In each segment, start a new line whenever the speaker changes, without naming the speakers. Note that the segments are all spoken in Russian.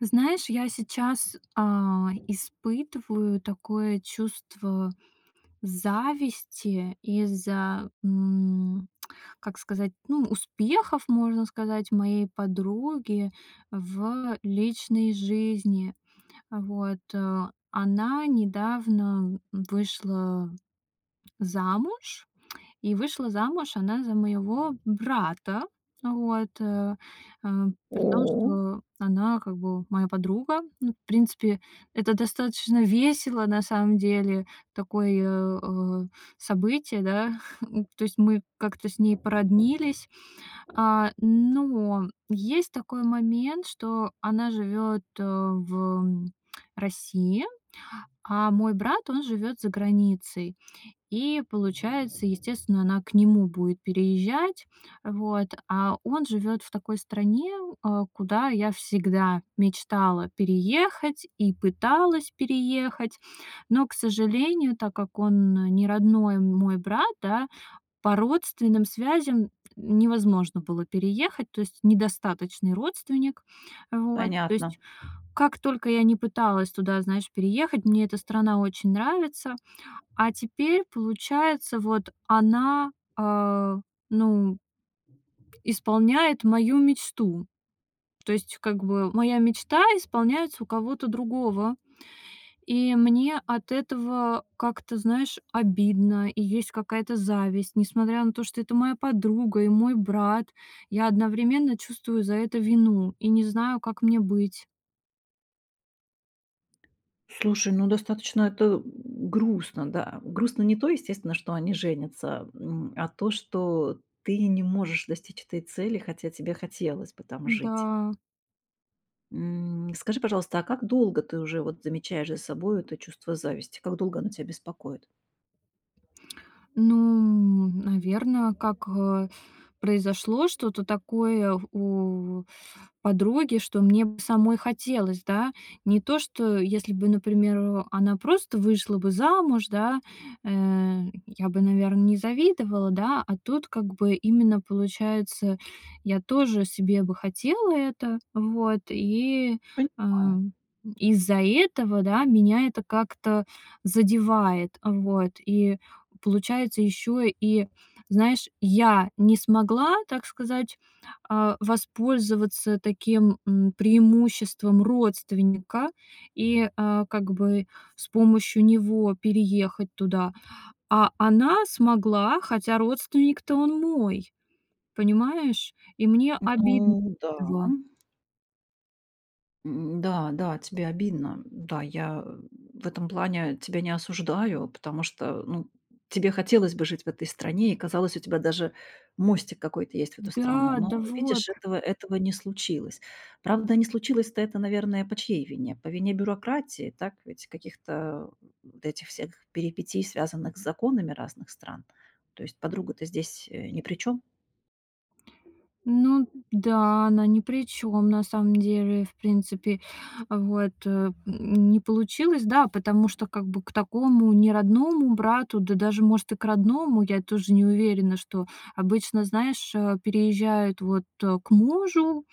Знаешь, я сейчас, а, испытываю такое чувство зависти из-за, м, как сказать, ну, успехов, можно сказать, моей подруги в личной жизни. Вот, э. Она недавно, м, вышла замуж, и вышла замуж она за моего брата. Вот, э, э, при том,
О.
что она как бы моя подруга. Ну в принципе, это достаточно весело на самом деле. Такое, э, событие, да. Ну то есть мы как-то с ней породнились. А, но есть такой момент, что она живёт, э, в России, а мой брат, он живёт за границей. И получается, естественно, она к нему будет переезжать. Вот, а он живет в такой стране, а, куда я всегда мечтала переехать и пыталась переехать. Но, к сожалению, так как он не родной мой брат, да, по родственным связям н невозможно было переехать, то есть недостаточный родственник. Вот. То
Понятно.
есть как только я ни пыталась туда, знаешь, переехать- мне эта страна очень нравится. А теперь получается, вот она, э, ну исполняет мою мечту. То есть как бы моя мечта исполняется у кого-то другого. И мне от этого как-то, знаешь, обидно, и есть какая-то зависть. Несмотря на то, что это моя подруга и мой брат, я одновременно чувствую за это вину и не знаю, как мне быть.
Слушай, ну достаточно это у грустно. Да, грустно не то, естественно, что они женятся, м, а то, что ты не можешь достичь этой цели, хотя тебе хотелось бы там жить.
Да.
М, скажи, пожалуйста, а как долго ты уже вот замечаешь за собой это чувство зависти? Как долго оно тебя беспокоит?
Ну, м, наверно, как, э, произошло что-то такое у подруги, что мне б самой хотелось, да? Не то что если бы, например, она просто вышла бы замуж, да, э, я бы, наверно, не завидовала, да? А тут как бы именно, получается, я тоже себе бы хотела это, вот, и, э,
Понимаю.
из-за этого, да, меня это как-то задевает, э, вот. И получается ещё и, знаешь, я не смогла, так сказать, а, воспользоваться таким, м, преимуществом родственника и, а, как бы с помощью него переехать туда. А она смогла, хотя родственник-то он мой, понимаешь? И мне обидн
Ну да.
тва
М, да, да, тебе обидно. Да, я, м, в этом плане тебя не осуждаю, потому что, ну, тебе хотелось бы жить в этой стране и казалось, у тебя даже мостик какой-то есть в эту страну.
Да,
Но
да вот.
видишь, этого этого не случилось. Правда, не случилось-то это, наверное, по чьей вине? По вине бюрократии, так ведь? Каких-то, м, этих всех перипетий, связанных с законами разных стран. То есть подруга-то здесь, э, ни при чём.
Ну да, она ни при чём на самом деле, в принципе. А вот, э, м, не получилось, да, потому что как бы к такому неродному брату, да даже, может, и к родному, я тоже не уверена, что Обычно, знаешь, а, переезжают, вот, э, к мужу,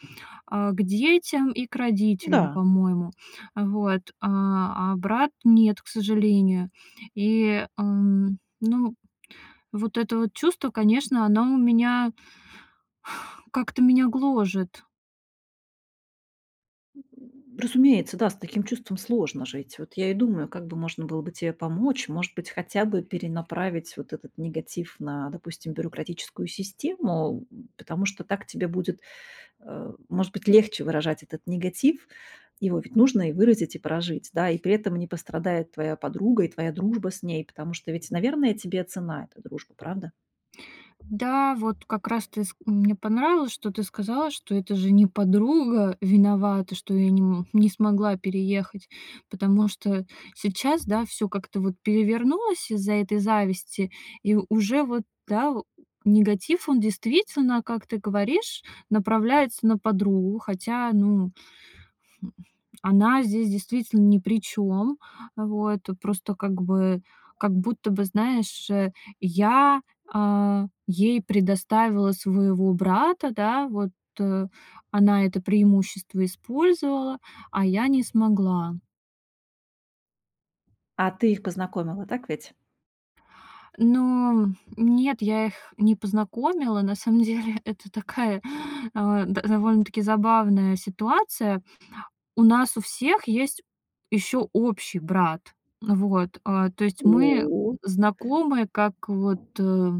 а, к детям и к родителям,
Да.
по-моему. А вот. А а брат- нет, к сожалению. И, ам ну, вот это вот чувство, конечно, оно у меня как-то меня гложет.
М. Разумеется, да, с таким чувством сложно жить. Вот я и думаю, как бы можно было бы тебе помочь. Может быть, хотя бы перенаправить вот этот негатив на, допустим, бюрократическую систему, м, потому что так тебе будет, а, может быть, легче выражать этот негатив. Его ведь нужно и выразить, и прожить, да, и при этом не пострадает твоя подруга и твоя дружба с ней, потому что ведь, наверное, тебе ценна эта дружба, правда?
Да, вот как раз ты ск мне понравилось, что ты сказала, что это же не подруга виновата, что я не, м, не смогла переехать, потому что сейчас, да, всё как-то вот перевернулось из-за этой зависти, и уже вот, да, у негатив, он действительно, как ты говоришь, направляется на подругу, хотя, ну, хм, она здесь действительно ни при чём. А вот, тут просто как бы как будто бы, знаешь, э, я, а, ей предоставила своего брата, да, вот, э. Она это преимущество использовала, а я не смогла.
А ты их познакомила, так ведь?
Ну нет, я их не познакомила. На самом деле это такая, э, да довольно-таки забавная ситуация. У нас у всех есть ещё общий брат. Вот, а, то есть мы, м,
О.
знакомы как вот, э,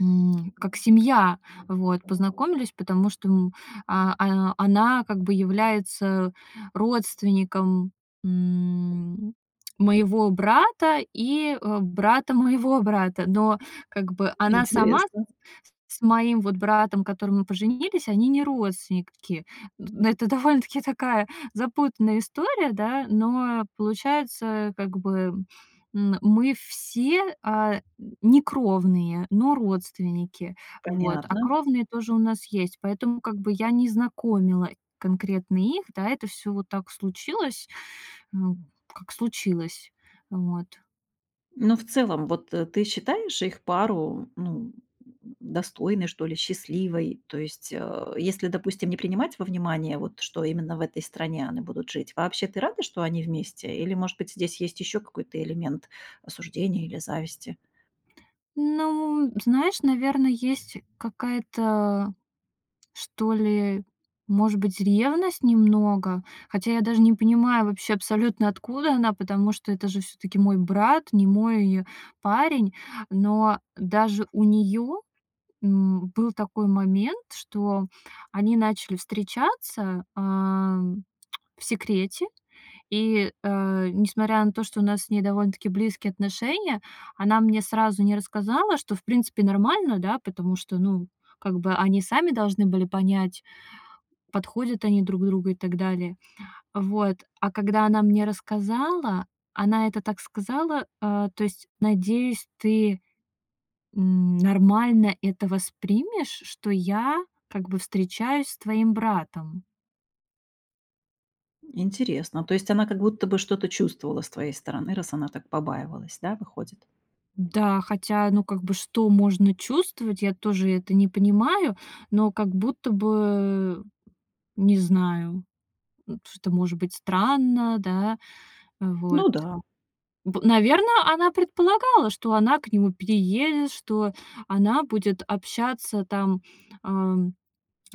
м, как семья. Вот, познакомились, потому что, м, а а она как бы является родственником, м, моего брата и, э, брата моего брата. Но как бы она сама с
Интересно.
с моим вот братом, которым и поженились, они не родственники. Ну это довольно-таки такая запутанная история, да, но получается, как бы, м, м, мы все, э, н не кровные, но родственники, вот. А
Понятно.
кровные тоже у нас есть, поэтому как бы я не знакомила конкретно их, да, это всё вот так случилось, м, как случилось, вот.
Но в целом, вот, э, ты считаешь их пару, ну, м, достойной, что ли, счастливой? То есть, э, если, допустим, не принимать во внимание, вот, что именно в этой стране они будут жить, вообще ты рада, что они вместе? Или, может быть, здесь есть ещё какой-то элемент осуждения или зависти?
Ну, знаешь, наверно, есть какая-то, что ли, может быть, ревность немного. Хотя я даже не понимаю вообще абсолютно откуда она, потому что это же всё-таки мой брат, не мой парень. Но даже у неё, м, был такой момент, что они начали встречаться, а, м, в секрете, и, э, несмотря на то, что у нас с ней довольно-таки близкие отношения, она мне сразу не рассказала, что, в принципе, нормально, да, потому что, ну, как бы они сами должны были понять, подходят они друг другу и так далее. Вот. А когда она мне рассказала, она это так сказала: "Э, то есть, надеюсь, ты, м, нормально это воспримешь, что я как бы встречаюсь с твоим братом".
Интересно, то есть она как будто бы что-то чувствовала с твоей стороны, раз она так побаивалась, да, выходит?
Да, хотя, ну, как бы что можно чувствовать, я тоже это не понимаю, но как будто бы, не знаю, м, что-то может быть странно, да. Вот.
Ну да.
П наверно, она предполагала, что она к нему переедет, что она будет общаться, там, ам,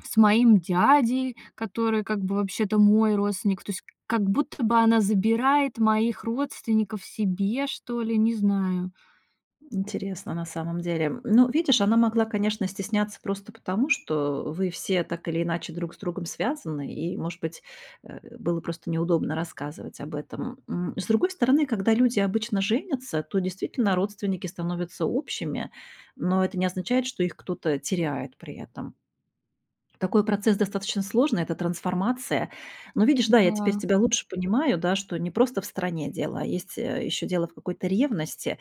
с моим дядей, который как бы вообще-то мой родственник. То есть как будто бы она забирает моих родственников себе, что ли, не знаю.
Интересно, на самом деле. Ну, видишь, она могла, конечно, стесняться просто потому, что вы все так или иначе друг с другом связаны, и, может быть, э, было просто неудобно рассказывать об этом. М, с другой стороны, когда люди обычно женятся, то действительно родственники становятся общими, но это не означает, что их кто-то теряет при этом. Такой процесс достаточно сложный, это трансформация. Но видишь, да, я теперь
Да.
тебя лучше понимаю, да, что не просто в стране дело, а есть, э, ещё дело в какой-то ревности,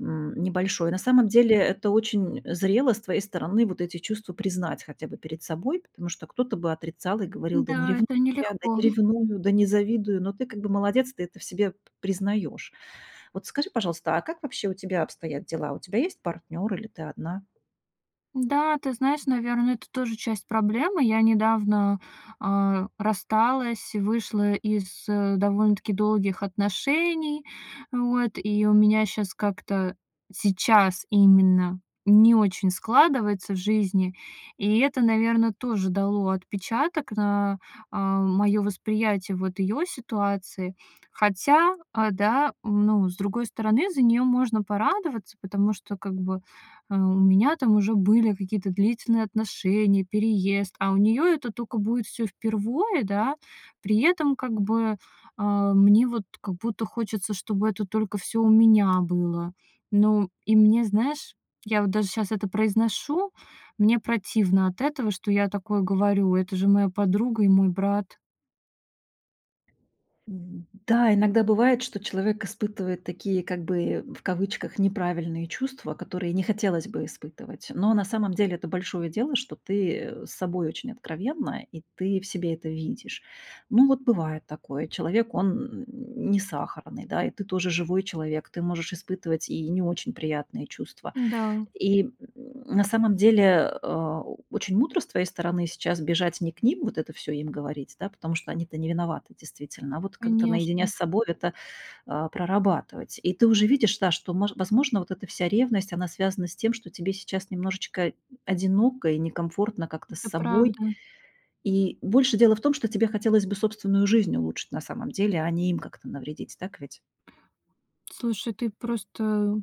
м, небольшой. На самом деле это очень зрело с твоей стороны вот эти чувства признать хотя бы перед собой, потому что кто-то бы отрицал и говорил: "Да не
Да,
ревную
это
я, да
нелегко.
не ревную, да не завидую", но ты как бы молодец, ты это в себе п признаёшь. Вот скажи, пожалуйста, а как вообще у тебя обстоят дела? У тебя есть партнёр или ты одна?
Да, ты знаешь, наверно, это тоже часть проблемы. Я недавно, а, рассталась, вышла из, э, довольно-таки долгих отношений, вот. И у меня щас как-то сейчас именно не очень складывается в жизни, и это, наверно, тоже дало отпечаток на, а, моё восприятие вот её ситуации. Хотя, а, да, ну, с другой стороны, за неё можно порадоваться, потому что как бы, э, у меня там уже были какие-то длительные отношения, переезд, а у неё это тока будет всё впервой, да. При этом как бы, э, мне вот как будто хочется, чтобы это только всё у меня было. Но и мне, знаешь я вот даже сейчас это произношу, мне противно от этого, что я такое говорю. Это же моя подруга и мой брат.
Мгм, да, иногда бывает, что человек испытывает такие, как бы, в кавычках "неправильные чувства", которые не хотелось бы испытывать. Но, на самом деле, это большое дело, что ты, э, с собой очень откровенна и ты в себе это видишь. Ну, вот, бывает такое, человек он, м, не сахарный, да, и ты тоже живой человек, ты можешь испытывать и не очень приятные чувства.
М-да.
И, м, на самом деле, э, очень мудро с твоей стороны сейчас бежать не к ним, вот это всё им говорить, да, потому что они-то не виноваты, действительно. А, вот, как-то, наедине с
Конечно.
собой это, а, прорабатывать. И ты уже видишь, да, что, мож возможно, вот эта вся ревность, она связана с тем, что тебе сейчас немножечко одиноко и некомфортно, как-то, с
Это
собой.
правда.
И больше дело в том, что тебе хотелось бы собственную жизнь улучшить на самом деле, а не им как-то навредить, так ведь?
Слушай, ты просто,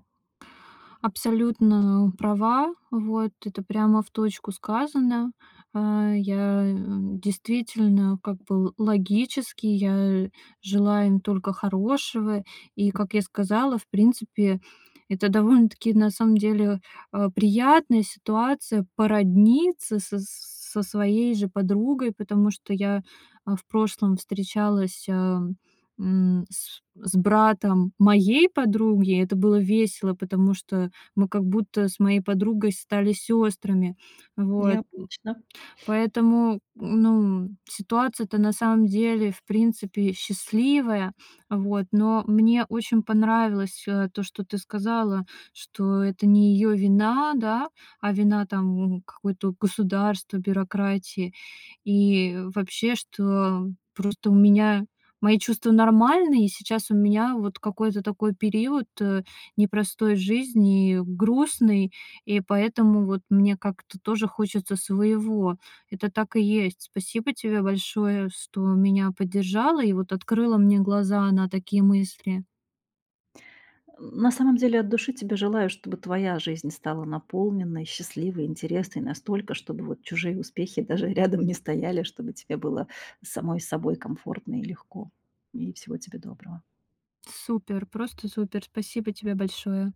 абсолютно права. Вот, это, прямо, в точку сказано. Э, я, э, действительно, как бы, л логически, я желаю им только хорошего. И, как я сказала, в принципе, это довольно-таки, на самом деле, э приятная ситуация породниться со с со своей же подругой, потому что я, э, в прошлом встречалась, ам, м, с с братом моей подруги. Это было весело, потому что мы, как будто, с моей подругой стали сёстрами. Вот, м.
Необычно.
Поэтому, ну, м, ситуация-то на самом деле, в принципе, счастливая, вот. Но мне очень понравилось, э, то, что ты сказала, что это не её вина, да. А вина, там, м, какое-то, вот, государство, бюрократия. И вообще, что, просто, у меня мои чувства нормальные. И сейчас у меня, вот, какой-то такой период, э, непростой в жизни, грустный, и поэтому, вот, мне, как-то, тоже хочется своего. Это так и есть. Спасибо тебе большое, что меня поддержала и, вот, открыла мне глаза на такие мысли.
М, на самом деле, от души тебе желаю, чтобы твоя жизнь стала наполненной, счастливой, интересной настолько, чтобы, вот, чужие успехи даже рядом не стояли, чтобы тебе было с самой с собой комфортно и легко. И, всего тебе доброго.
Супер, просто супер, спасибо тебе большое.